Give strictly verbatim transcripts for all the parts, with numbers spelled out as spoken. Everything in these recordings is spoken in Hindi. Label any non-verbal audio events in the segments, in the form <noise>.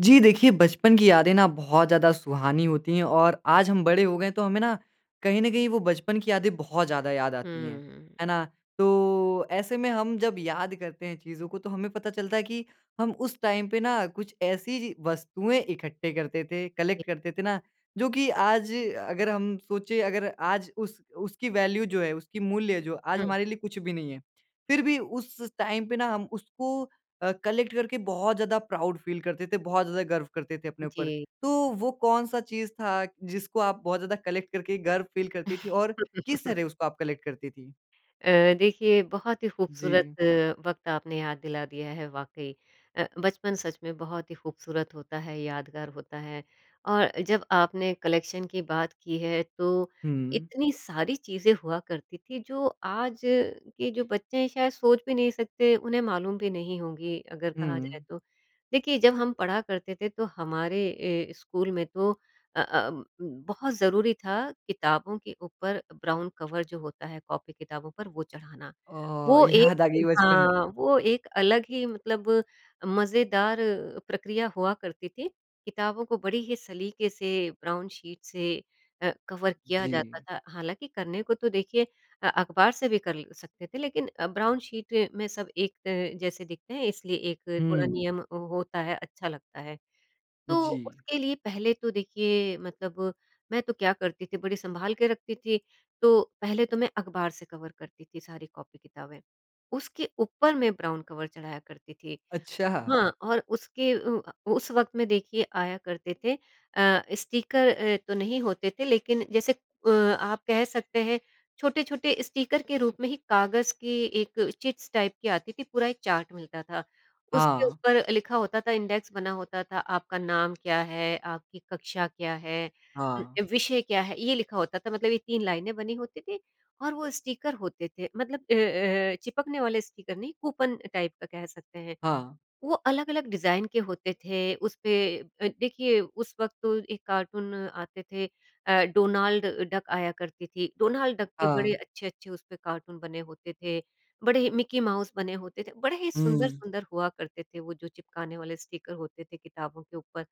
जी, देखिए बचपन की यादें ना बहुत ज़्यादा सुहानी होतीं हैं और आज हम बड़े हो गए हैं तो हमें ना कहीं न कहीं वो बचपन की यादें बहुत ज़्यादा याद आतीं हैं। हुँ। है ना? तो ऐसे में हम जब याद करते हैं चीज़ों को तो हमें पता चलता है कि हम उस टाइम पे ना कुछ ऐसी ची वस्तुएँ इकट्ठे करते थे, जी। कलेक्ट करते थे ना जो कि आज अ, अगर हम सोचे अगर आज उस उसकी वैल्यू जो है, उसकी मूल्य जो आज हुँ। हमारे लिए कुछ भी नहीं है। फिर भी उस स टाइम पे ना हम उसको अ, कलेक्ट करके बहुत ज़्यादा प्राउड फ़ील करते थे, बहुत ज़्यादा गर्व करते थे अपने ऊपर। जी। तो वो कौन-सा चीज़ था जिसको आप बहुत ज़्यादा कलेक्ट करके गर्व फ़ील करती थी और किस <chuckles> तरह उसको आप कलेक्ट करती थी? अ, देखिए बहुत ही ख़ूबसूरत जी। वक़्त आपने याद दिला दिया है वाक़ई। अ, बचपन सच में बहुत ही ख़ूबसूरत होता है, यादगार होता है और जब आपने कलेक्शन की बात की है तो हुँ। इतनी सारी चीज़ें हुआ करती थी जो आज के जो बच्चे हैं शायद सोच भी नहीं सकते, उन्हें मालूम भी नहीं होंगी अगर कहा जाए हुँ। तो। देखिए, जब हम पढ़ा करते थे तो हमारे ए, स्कूल में तो अ अ अम, बहुत ज़रूरी था किताबों के ऊपर ब्राउन कवर जो होता है कॉपी किताबों पर वो चढ़ाना। अ, वो एक याद आ गयी बचपन हाँ, की। वो एक अलग ही मतलब मज़ेदार प्रक्रिया हुआ करती थी किताबों को बड़ी ही सलीके से ब्राउन शीट से अ, कवर किया जाता जी। था हालाँकि करने को तो देखिए अ, अख़बार से भी कर ल सकते थे लेकिन ब्राउन शीट में सब एक अ, जैसे दिखते हैं इसलिए एक थोड़ा हुँ। नियम होता है, अच्छा लगता है। तो जी। उसके लिए पहले तो देखिए मतलब मैं तो क्या करती थी बड़ी सँभाल के रखती थी, तो पहले तो मैं अख़बार से कवर करती थी सारी कॉपी-किताबें उसके ऊपर मैं ब्राउन कवर चढ़ाया करती थी। अच्छा! हाँ, और उसके अ, उस वक़्त में देखिए आया करते थे अ, स्टीकर अ, तो नहीं होते थे लेकिन जैसे अ, आप कह सकते हैं छोटे-छोटे स्टीकर के रूप में ही काग़ज़ की एक चिट्स टाइप की आती थी पूरा एक चार्ट मिलता था उसके हाँ। ऊपर लिखा होता था इंडेक्स बना होता था, आपका नाम क्या है, आपकी कक्षा क्या है, हाँ। उम, विषय क्या है, ये लिखा होता था मतलब ये तीन लाइनें बनी होती थीं और वो स्टीकर होते थे मतलब अ अ अ, चिपकने वाले स्टीकर नहीं कूपन टाइप का कह सकते हैं। हाँ। वो अलग-अलग डिज़ाइन के होते थे उसपे अ, देखिए, उस वक़्त तो एक कार्टून आते थे अ, डोनाल्ड डक आया करती थी डोनाल्ड डक के बड़े हाँ। अच्छे-अच्छे उस पर कार्टून बने होते थे, बड़े ही मिक्की माउस बने होते थे बड़े ही हुँ। सुंदर-सुंदर हुआ करते थे वो जो चिपकाने वाले स्टीकर होते थे किताबों के ऊपर।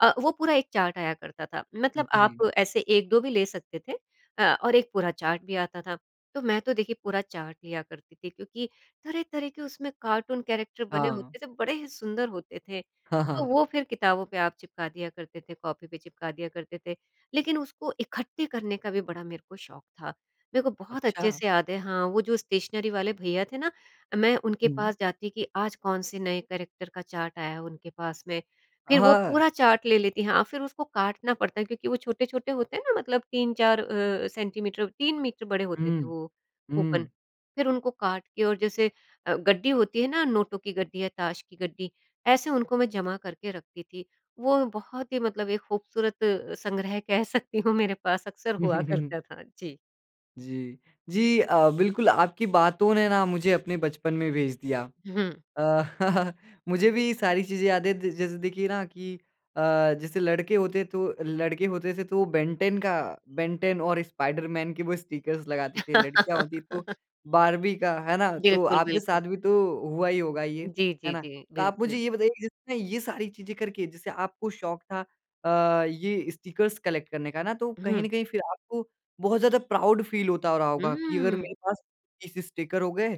अ, वो पूरा एक चार्ट आया करता था मतलब जी। आप ऐसे एक दो भी ले सकते थे, अ, और एक पूरा चार्ट भी आता था। तो मैं तो देखिए पूरा चार्ट लिया करती थी क्योंकि तरह-तरह के उसमें कार्टून कैरेक्टर बने हाँ। होते थे बड़े ही सुंदर होते थे तो <chuckles> वो फिर किताबों पे आप चिपका दिया करते थे, कॉपी पे चिपका दिया करते थे। लेकिन उसको इकट्ठे करने का भी बड़ा मेरे को शौक़ था मेरे को बहुत अच्छे अच्छा! से याद है हाँ, वो जो स्टेशनरी वाले भैया थे ना, मैं उनके हुँ। पास जाती कि आज कौन से नए कैरेक्टर का चार्ट आया है उनके पास में, अ, फिर वो हाँ। पूरा चार्ट ले लेती हाँ, फिर उसको काटना पड़ता है क्योंकि वो छोटे-छोटे होते हैं ना मतलब तीन चार अ, सेंटीमीटर तीन मीटर बड़े होते थे हुँ। वो कूपन हुँ। फिर उनको काट के और जैसे अ, गड्डी होती है ना नोटों की गड्डी या ताश की गड्डी ऐसे उनको मैं जमा करके रखती थी वो बहुत ही मतलब एक ख़ूबसूरत संग्रह कह सकती हूँ मेरे पास अक्सर हुआ <chuckles> करता था। जी। जी। जी अ, बिल्कुल आपकी बातों ने ना मुझे अपने बचपन में भेज दिया। हुँ। अ, <chuckles> मुझे भी सारी चीज़ें याद है द जैसे देखिए ना कि अ, जैसे लड़के होते तो लड़के होते थे तो बेन 10 का बेन 10 और स्पाइडरमैन के वो स्टिकर्स लगाते थे। लड़कियाँ होती तो <laughs> बार्बी का, है ना? जी, तो बिल्कुल, आपके बिल्कुल। साथ भी तो हुआ ही होगा ये, जी, है जी, ना? जी। तो आप मुझे बिल्कुल। ये बताइए जिसने ये सारी चीज़ें करके, जैसे आपको शौक था अ, ये स्टिकर्स कलेक्ट करने का, है ना? तो कहीं हुँ। न कहीं फिर आपको बहुत ज़्यादा प्राउड फ़ील होता हो रहा होगा कि अगर हुँ। मेरे पास तीस स्टिकर हो गए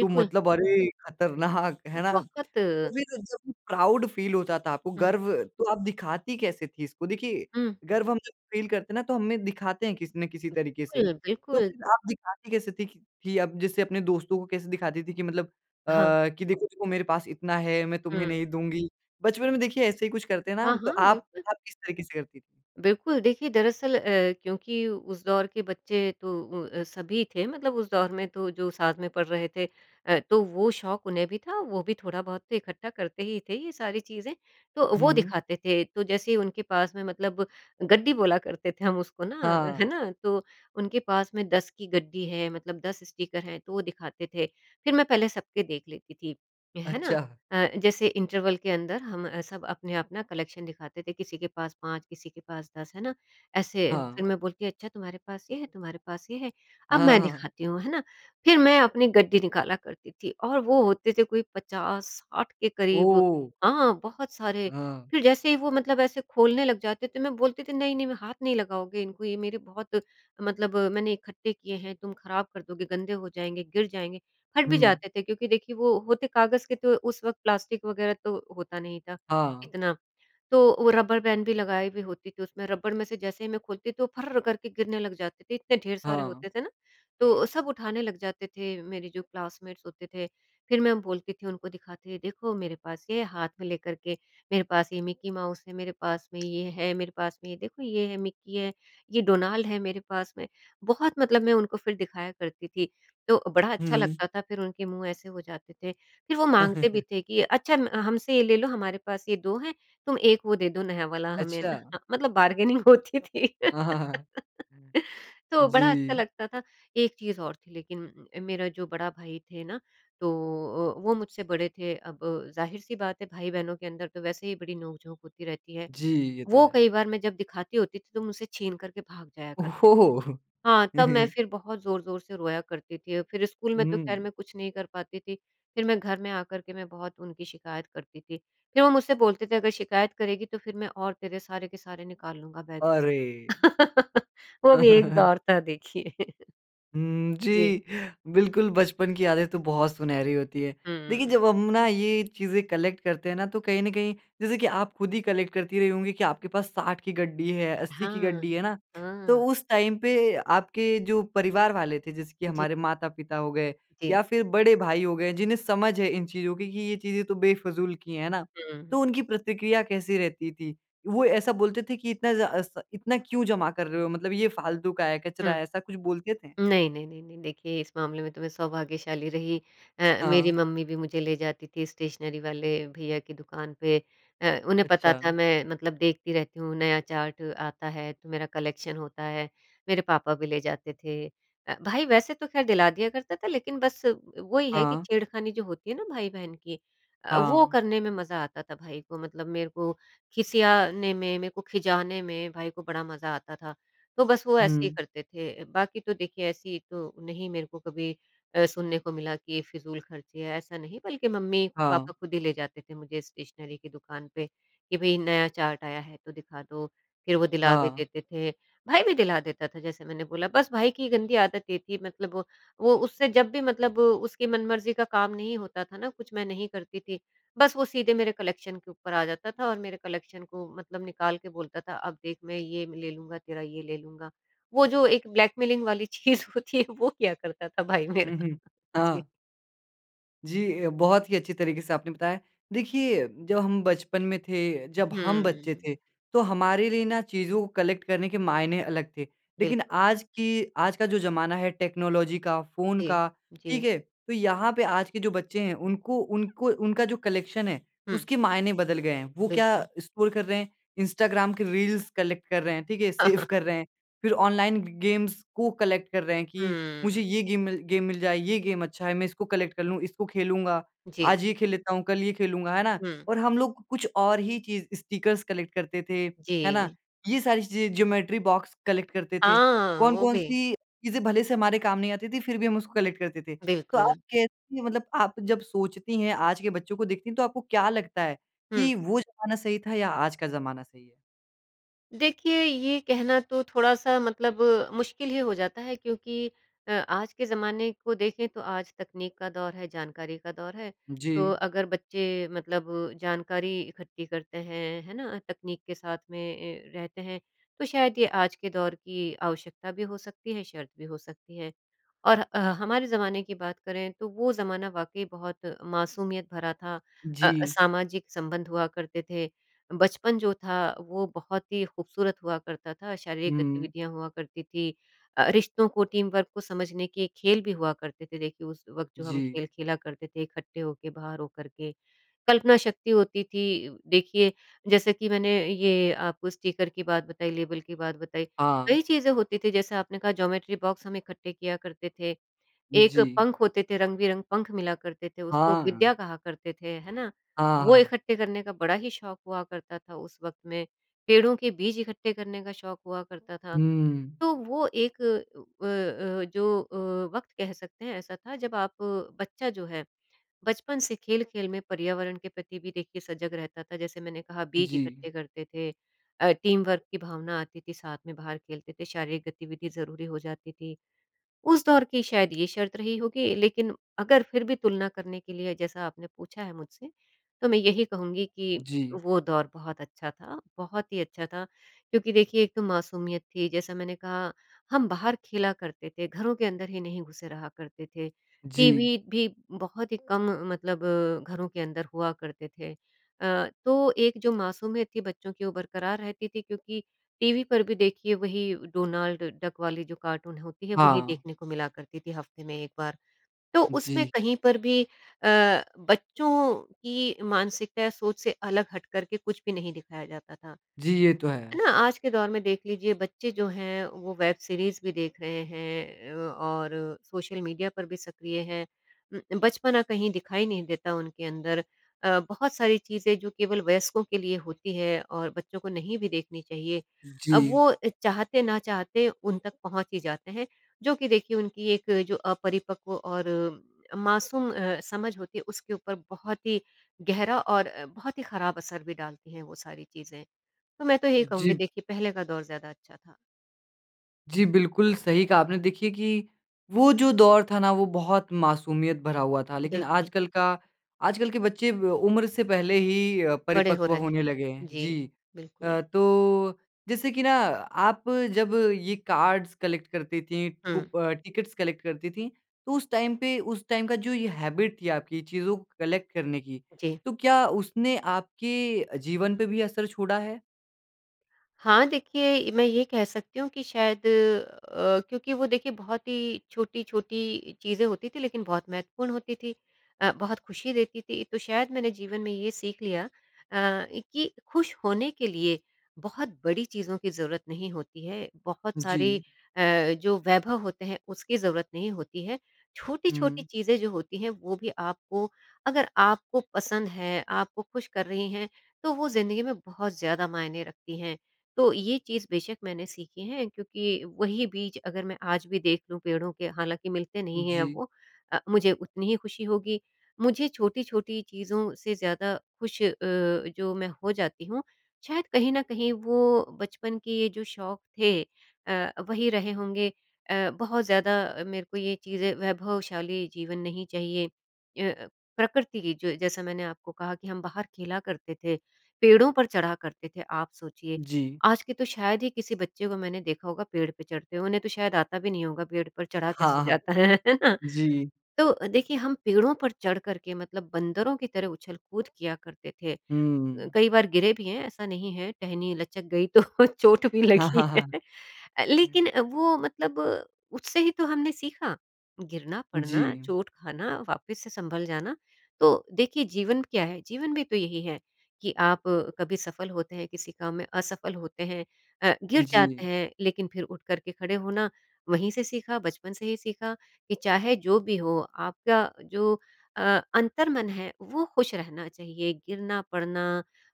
तो मतलब अरे! खतरनाक, है ना? बहुत। तो फिर जब प्राउड फ़ील होता था आपको, हुँ। गर्व, तो आप दिखाती कैसे थी इसको? देखिए हुँ। गर्व हम जब फ़ील करते हैं ना, तो हम में दिखाते हैं किसी न किसी तरीके से। बिल्कुल, तो बिल्कुल। फिर आप दिखाती कैसे थी कि कि अब जैसे अपने दोस्तों को कैसे दिखाती थी कि मतलब अ, हाँ। कि देखो, देखो मेरे पास इतना है, मैं तुम्हे हुँ। नहीं दूँगी। बचपन में देखिए ऐसे ही कुछ करते हैं ना हाँ, हम, तो हाँ। आप बिल्कुल। आप किस तरीके से करती थी? बिल्कुल देखिए दरअसल अ, क्योंकि उस दौर के बच्चे तो उ अ, सभी थे, मतलब उस दौर में तो जो साथ में पढ़ रहे थे। अ, तो वो शौक उन्हें भी था वो भी थोड़ा बहुत तो इकट्ठा करते ही थे ये सारी चीज़ें, तो वो हुँ। दिखाते थे। तो जैसे ही उनके पास में मतलब गड्डी बोला करते थे हम उसको ना, है हाँ। ना? तो उनके पास में दस की गड्डी है, मतलब दस स्टीकर हैं, तो वो दिखाते थे। फिर मैं पहले सबके देख लेती थी, है ना। अच्छा। अ, जैसे इंटरवल के अंदर हम अ, सब अपना-अपना कलेक्शन दिखाते थे। किसी के पास पाँच किसी के पास दस, है ना। ऐसे हाँ। फिर मैं बोलती अच्छा, तुम्हारे पास ये है तुम्हारे पास ये है, अब हाँ, हाँ, मैं हाँ। दिखाती हूँ, है ना। फिर मैं अपनी गड्डी निकाला करती थी और वो होते थे कोई पचास साठ के करीब ओह! हाँ, बहुत सारे। हाँ। फिर जैसे ही वो मतलब ऐसे खोलने लग जाते थे, मैं बोलती थी नहीं, नहीं मैं हाथ नहीं लगाओगे इनको, ये मेरे बहुत मतलब मैंने इकट्ठे किए हैं तुम खराब कर दोगे, गंदे हो जाएँगे, गिर जाएँगे। फट भी हुँ। जाते थे क्योंकि देखिए वो होते कागज़ के थे। तो उस वक्त प्लास्टिक वग़ैरह तो होता नहीं था हाँ। इतना। तो वो रबर बैन भी लगाई भी होती थी, उसमें रबर में से जैसे ही मैं खोलती तो फर्र करके गिरने लग जाते थे, इतने ढेर सारे हाँ। होते थे ना। तो सब उठाने लग जाते थे मेरे जो क्लासमेट्स होते थे। फिर मैं बोलती थी उनको दिखा के देखो मेरे पास ये हाथ में लेकर के। मेरे पास ये मिक्की माउस है, मेरे पास में ये है, मेरे पास में देखो ये है मिक्की है, ये डोनाल्ड है मेरे पास में। बहुत मतलब मैं उनको फिर दिखाया करती थी। तो बड़ा अच्छा हुँ। लगता था। फिर उनके मुँह ऐसे हो जाते थे, फिर वो माँगते भी <chuckles> थे कि अच्छा म हमसे ये ले लो, हमारे पास ये दो हैं, तुम एक वो दे दो नया वाला हमें ना। अच्छा। मतलब बार्गेनिंग होती थी। हाँ, हाँ, हाँ, हाँ। <laughs> तो बड़ा अच्छा जी। लगता था। एक चीज़ और थी लेकिन, मेरा जो बड़ा भाई थे ना, तो अ, वो मुझसे बड़े थे। अब ज़ाहिर सी बात है भाई-बहनों के अंदर तो वैसे ही बड़ी नोक-झोंक होती रहती है। जी, ये तो वो है। कई बार मैं जब दिखाती होती थी तो मुझसे छीन कर के भाग जाया करते थे। ओह! हाँ, तब मैं <laughs> फिर बहुत ज़ोर-ज़ोर से रोया करती थी फिर स्कूल में तो खैर हुँ। मैं कुछ नहीं कर पाती थी। फिर मैं घर में आ कर के मैं बहुत उनकी शिकायत करती थी। फिर वो मुझसे बोलते थे अगर शिकायत करेगी तो फिर मैं और तेरे सारे के सारे निकाल लूँगा बैग में से। अरे! <laughs> वो भी एक <laughs> दौर था देखिए। <chuckles> हुँ, जी। जी। बिल्कुल बचपन की यादें तो बहुत सुनहरी होती है। देखिए हुँ। जब हम ना ये चीज़ें कलेक्ट करते हैं ना तो कहीं न कहीं जैसे कि आप खुद ही कलेक्ट करती रही होंगी कि आपके पास साठ की गड्डी है, अस्सी की हाँ। गड्डी है, है ना। तो हाँ। उस टाइम पे आपके जो परिवार वाले थे, जैसे कि जी। हमारे माता-पिता हो गए या जी। फिर बड़े भाई हो गए, जिन्हें समझ है इन चीज़ों की कि ये चीज़ें तो बेफ़िजूल की हैं, है ना? तो हुँ। उनकी प्रतिक्रिया कैसी रहती थी, वो ऐसा बोलते थे कि इतना ज़ा स इतना क्यों जमा कर रहे हो? मतलब ये फ़ालतू का है, कचरा हुँ। है, ऐसा कुछ बोलते थे? नहीं, नहीं, नहीं, नहीं। देखिए, इस मामले में तो मैं सौभाग्यशाली रही। अ, मेरी हाँ। मम्मी भी मुझे ले जाती थी स्टेशनरी वाले भईया की दुकान पे। अ, उन्हें पता था अच्छा। मैं मतलब देखती रहती हूँ नया चार्ट आता है तो मेरा कलेक्शन होता है। मेरे पापा भी ले जाते थे। अ, भाई वैसे तो खैर दिला दिया करता था लेकिन बस वही है कि हाँ। छेड़खानी जो होती है ना भाई-बहन की अ, वो हाँ। करने में मज़ा आता था भाई को। मतलब मेरे को खिसियाने में, मेरे को खिजाने में भाई को बड़ा मज़ा आता था। तो बस वो ऐसे ही हुँ। करते थे। बाकी तो देखिए ऐसी तो नहीं मेरे को कभी अ, सुनने को मिला कि फ़िजूल खर्चे हैं, ऐसा नहीं। बल्कि मम्मी-पापा हाँ। खुद ही ले जाते थे मुझे स्टेशनरी की दुकान पे, कि भई नया चार्ट आया है तो दिखा दो, फिर वो दिला भी हाँ। देते थे। भाई भी दिला देता था जैसे मैंने बोला। बस भाई की गंदी आदत ये थी मतलब वो वो उससे जब भी मतलब उसकी मनमर्जी का काम नहीं होता था ना, कुछ मैं नहीं करती थी, बस वो सीधे मेरे कलेक्शन के ऊपर आ जाता था और मेरे कलेक्शन को मतलब निकाल के बोलता था, "अब देख मैं ये ले लूँगा, तेरा ये ले लूँगा।" वो जो एक ब्लैकमेलिंग वाली चीज़ होती है वो किया करता था भाई मेरा। हुँ, हुँ। जी। हाँ। जी, ये बहुत ही अच्छी तरीके से आपने बताया। देखिए, जब हम बचपन में थे जब हम बच्चे हम्म। थे, तो हमारे लिए ना चीज़ों को कलेक्ट करने के मायने अलग थे। लेकिन बिल्कुल। आज की आज का जो ज़माना है टेक्नोलॉजी का, फ़ोन जी, का, जी। ठीक है? तो यहाँ पे आज के जो बच्चे हैं, उनको उनको उनका जो कलेक्शन है, हुँ। उसके मायने बदल गए हैं। वो क्या बिल्कुल। स्क्रॉल कर रहे हैं, इंस्टाग्राम के रील्स कलेक्ट कर रहे हैं ठीक है? सेव <chuckles> कर रहे हैं, फिर ऑनलाइन ग गेम्स को कलेक्ट कर रहे हैं कि, "मुझे हम्म। ये गेम मिल गेम मिल जाए, ये गेम अच्छा है। मैं इसको कलेक्ट कर लूँ, इसको खेलूँगा। जी। आज ये खेल लेता हूँ, कल ये खेलूँगा।" है ना? हुँ। और हम लोग को कुछ और ही चीज़ स्टिकर्स कलेक्ट करते थे, है ना? जी। ये सारी चीज़ें, ज्योमेट्री बॉक्स कलेक्ट करते थे। हाँ, वो कौन-कौन भी। सी चीज़ें भले से हमारे काम नहीं आती थीं फिर भी हम उसको कलेक्ट करते थे। तो आप बिल्कुल। कैसी मतलब आप जब सोचती हैं, आज के बच्चों को देखती हैं तो आपको क्या लगता है, हुँ। कि वो ज़माना सही था या आज का ज़माना सही है? देखिए, ये कहना तो थोड़ा-सा मतलब मुश्किल ही हो जाता है क्योंकि अ, आज के ज़माने को देखें तो आज तकनीक का दौर है, जानकारी का दौर है। तो जी। अगर बच्चे मतलब जानकारी इकट्ठी करते हैं, है ना? तकनीक के साथ में ए, रहते हैं, तो शायद ये आज के दौर की आवश्यकता भी हो सकती है, शर्त भी हो सकती है और अह हमारे ज़माने की बात करें तो वो ज़माना वाकई बहुत मासूमियत भरा था। अ, जी। सामाजिक संबंध हुआ करते थे, बचपन जो था, वो बहुत ही खूबसूरत हुआ करता था। शारीरिक हुँ। गतिविधियाँ हुआ करती थीं। अ अ, रिश्तों को, टीम वर्क को समझने के खेल भी हुआ करते थे देखिए, उस वक़्त जो हम जी। खेल खेला करते थे इकट्ठे होके बाहर हो करके। कल्पना शक्ति होती थी उ देखिए जैसे कि मैंने ये आपको स्टीकर की बात बताई, लेबल की बात बताई। हाँ। कई चीज़ें होती थीं जैसे आपने कहा ज्योमेट्री बॉक्स हम इकट्ठे किया करते थे। एक जी। पंख होते थे, रंग-बिरंग पंख मिला करते थे, उसको विद्या हाँ। कहा करते थे है ना? हाँ, वो हाँ। इकट्ठे करने का बड़ा ही शौक हुआ करता था उस वक्त में। पेड़ों के बीज इकट्ठे करने का शौक हुआ करता था, हुँ, हुँ। तो वो एक अ अ अ, जो अ, वक़्त कह सकते हैं ऐसा था जब आप बच्चा जो है, बचपन से खेल-खेल में पर्यावरण के प्रति भी देखिए सजग रहता था। जैसे मैंने कहा बीज जी। इकट्ठे करते थे अ, टीम वर्क की भावना आती थी, साथ में बाहर खेलते थे, शारीरिक गतिविधि ज़रूरी हो जाती थी। उस दौर की शायद ये शर्त रही होगी, लेकिन अगर फिर भी तुलना करने के लिए जैसा आपने पूछा है मुझसे, तो मैं यही कहूँगी कि जी। वो दौर बहुत अच्छा था, बहुत ही अच्छा था। क्योंकि देखिए एक तो मासूमियत थी जैसा मैंने कहा, हम बाहर खेला करते थे, घरों के अंदर ही नहीं घुसे रहा करते थे। जी। टीवी भी बहुत ही कम मतलब घरों के अंदर हुआ करते थे। अ, तो एक जो मासूमियत थी बच्चों की वो बरकरार रहती थी क्योंकि टीवी पर भी देखिए वही डोनाल्ड डक वाली जो कार्टून होती है वही हाँ। देखने को मिला करती थी हफ़्ते में एक बार। तो उसमें जी। कहीं पर भी अ, बच्चों की मानसिकता या सोच से अलग हट करके कुछ भी नहीं दिखाया जाता था। जी, ये तो है है। ना? आज के दौर में देख लीजिए बच्चे जो हैं, वो वेब सीरीज़ भी देख रहे हैं ए, और सोशल मीडिया पर भी सक्रिय हैं। उम, बचपना कहीं दिखाई नहीं देता उनके अंदर अ, बहुत सारी चीज़ें जो केवल वयस्कों के लिए होती हैं और बच्चों को नहीं भी देखनी चाहिए, अब जी। वो अ, चाहते ना चाहते उन तक पहुँच ही जाते हैं जो कि देखिए, उनकी एक जो अपरिपक्व और मासूम अ, समझ होती है, उसके ऊपर बहुत ही गहरा और अ, बहुत ही खराब असर भी डालती हैं वो सारी चीज़ें। तो मैं तो यही जी। कहूँगी देखिए, पहले का दौर ज़्यादा अच्छा था। जी, बिल्कुल। सही कहा आपने देखिए कि, वो जो दौर था ना वो बहुत मासूमियत भरा हुआ था। जी, लेकिन बिल्कुल। आजकल का आजकल के बच्चे ब उम्र से पहले ही अ, बड़े हो परिपक्व रहे होने हैं। लगे हैं, जी, जी। बिल्कुल। अ, तो, जैसे कि ना आप जब ये कार्ड्स कलेक्ट करती थीं, हुँ। कुप अ, टिकट्स कलेक्ट करती थीं, तो उस टाइम पे उस टाइम का जो ये हैबिट थी आपकी चीज़ों को कलेक्ट करने की। जी। तो क्या उसने आपके अ, जीवन पे भी असर छोड़ा है? हाँ, देखिए ए, मैं ये कह सकती हूँ कि शायद अ, क्योंकि वो देखिए बहुत ही छोटी-छोटी चीज़ें होती थी लेकिन बहुत महत्वपूर्ण होती थी अ, बहुत ख़ुशी देती थी। तो शायद मैंने जीवन में ये सीख लिया अ, कि ख़ुश होने के लिए बहुत बड़ी चीज़ों की ज़रूरत नहीं होती है, बहुत सारी जी। अ, जो वैभव होते हैं, उसकी ज़रूरत नहीं होती है। छोटी-छोटी हुँ। चीज़ें जो होती हैं वो भी आपको, अगर आपको पसंद हैं, आपको ख़ुश कर रहीं हैं, तो वो ज़िंदगी में बहुत ज़्यादा मायने रखती हैं। तो ये चीज़ बेशक मैंने सीखी है क्योंकि वही बीज अगर मैं आज भी देख लूँ पेड़ों के हालाँकि मिलते नहीं हैं अब जी। वो अ, मुझे उतनी ही ख़ुशी होगी। मुझे छोटी-छोटी चीज़ों से ज़्यादा ख़ुश अ, जो मैं हो जाती हूँ, शायद कहीं न कहीं वो बचपन के जो शौक थे अ, वही रहे होंगे अ, बहुत ज़्यादा मेरे को ये चीज़ें वैभवशाली जीवन नहीं चाहिए। ए अ, प्रकृति की जो जैसा मैंने आपको कहा कि हम बाहर खेला करते थे, पेड़ों पर चढ़ा करते थे, आप सोचिए, जी। आज के तो शायद ही किसी बच्चे को मैंने देखा होगा पेड़ पे चढ़ते हुए, उन्हें तो शायद आता भी नहीं होगा पेड़ पर चढ़ा कैसे हाँ, हाँ। जाता है। <laughs> जी। तो देखिए, हम पेड़ों पर चढ़ कर के मतलब बंदरों की तरह उछल-कूद किया करते थे, हुँ। कई बार गिरे भी हैं, ऐसा नहीं है टहनी लचक गई तो चोट भी हाँ, लगी हाँ, है। अ, हाँ। लेकिन वो मतलब उससे ही तो हमने सीखा, गिरना-पड़ना, जी। चोट खाना वापस से सँभल जाना। तो देखिए, जीवन क्या है? जीवन भी तो यही है, कि आप कभी सफ़ल होते हैं, किसी काम में असफ़ल होते हैं अ, गिर जाते जी। हैं लेकिन फ़िर उठ कर के खड़े होना वहीं से सीखा, बचपन से ही सीखा, कि चाहे जो भी हो आपका जो अ, अंतर्मन है, वो ख़ुश रहना चाहिए, गिरना, पड़ना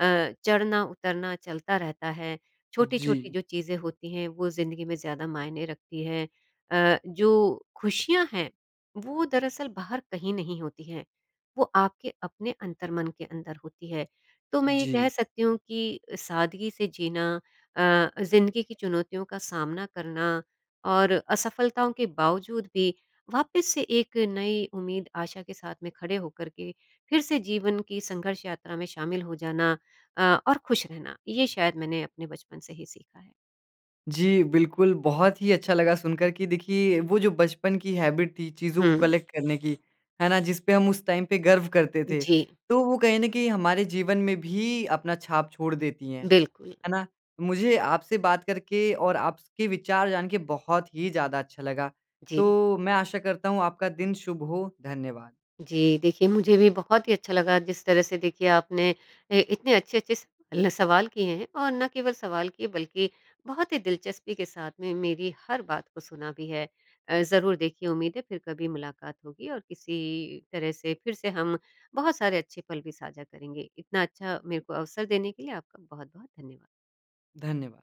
अ, चढ़ना उतरना चलता रहता है। छोटी-छोटी जी। जो चीज़ें होती हैं, वो ज़िंदगी में ज़्यादा मायने रखती है अ, जो ख़ुशियाँ हैं, वो दरअसल बाहर कहीं नहीं होती हैं, वो आपके अपने अंतर्मन के अंदर होती है। तो मैं ये कह जी। सकती हूँ कि सादगी से जीना अ, ज़िंदगी की चुनौतियों का सामना करना और असफ़लताओं के बावज़ूद भी वापस से एक नई उम्मीद, आशा के साथ में खड़े हो कर के फिर से जीवन की संघर्ष यात्रा में शामिल हो जाना अ, और ख़ुश रहना। ये शायद मैंने अपने बचपन से ही सीखा है। जी, बिल्कुल। बहुत ही अच्छा लगा सुनकर कि देखिए वो जो बचपन की हैबिट थी, चीज़ों को हुँ। कलेक्ट करने की, है ना? जिस पे हम उस टाइम पे गर्व करते थे, जी। तो वो कहीं न कहीं हमारे जीवन में भी अपना छाप छोड़ देती हैं, बिल्कुल। है ना? मुझे आपसे बात करके और आप स के विचार जान के बहुत ही ज़्यादा अच्छा लगा। जी। तो, मैं आशा करता हूँ, आपका दिन शुभ हो, धन्यवाद। जी, देखिए मुझे भी बहुत ही अच्छा लगा जिस तरह से देखिए आपने ए, इतने अच्छे-अच्छे स ल सवाल किए हैं, और ना केवल सवाल किए बल्कि बहुत ही दिलचस्पी के साथ में मेरी हर बात को सुना भी है। अ, ज़रूर देखिए उम्मीद है, फ़िर कभी मुलाकात होगी और किसी तरह से फ़िर से हम बहुत सारे अच्छे पल भी साझा करेंगे। इतना अच्छा मेरे को अवसर देने के लिए आपका बहुत-बहुत धन्यवाद। धन्यवाद।